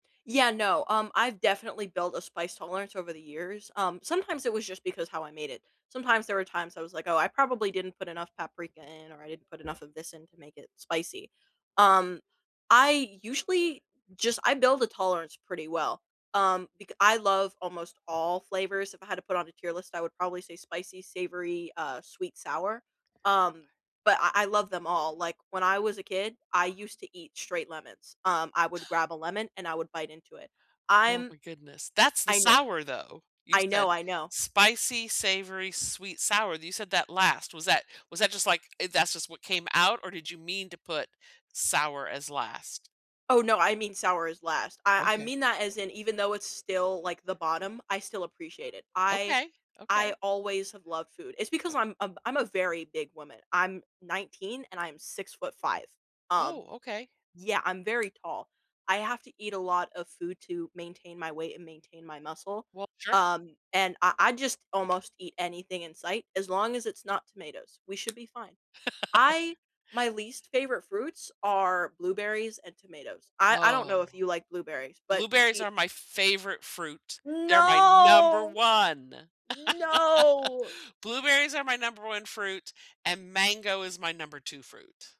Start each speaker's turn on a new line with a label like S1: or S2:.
S1: Yeah, no, um, I've definitely built a spice tolerance over the years, um, sometimes it was just because how I made it, sometimes there were times I was, like, "Oh, I probably didn't put enough paprika in or I didn't put enough of this in to make it spicy." Um, I usually just I build a tolerance pretty well, um, becau I love almost all flavors, if I had to put on a tier list, I would probably say spicy, savory, uh, sweet, sour? Um, but I I love them all, like, when I was a kid, I used to eat straight lemons, um, I would grab a lemon and I would bite into it;
S2: Oh,
S1: I'm
S2: my goodness, that's the
S1: I kno
S2: sour, though! You
S1: I
S2: said,
S1: know, I know.
S2: "Spicy, savory, sweet, sour," you said that last, was that was that just, like, eh, "That's just what came out," or did you mean to put sour as last?
S1: Oh, no, I mean sour is last; I I
S2: Okay.
S1: mean that as in even though it's still, like, the bottom, I still appreciate it, I
S2: Okay, okay.
S1: I always have loved food it's because I'm I'm I'm a very big woman, I'm 19, and I'm 6'5". Um
S2: Oh, okay.
S1: Yeah, I'm very tall; I have to eat a lot of food to maintain my weight and maintain my muscle.
S2: Well, sure.
S1: Um, and I I just almost eat anything in sight, as long as it's not tomatoes, we should be fine. I my least favorite fruits are blueberries and tomatoes, I I don't know
S2: Whoa.
S1: if you like blueberries, but you
S2: Blueberries
S1: see
S2: are my favorite fruit, they're my number
S1: No!
S2: 1!
S1: No.
S2: Blueberries are my number 1 fruit, and mango is my number 2 fruit.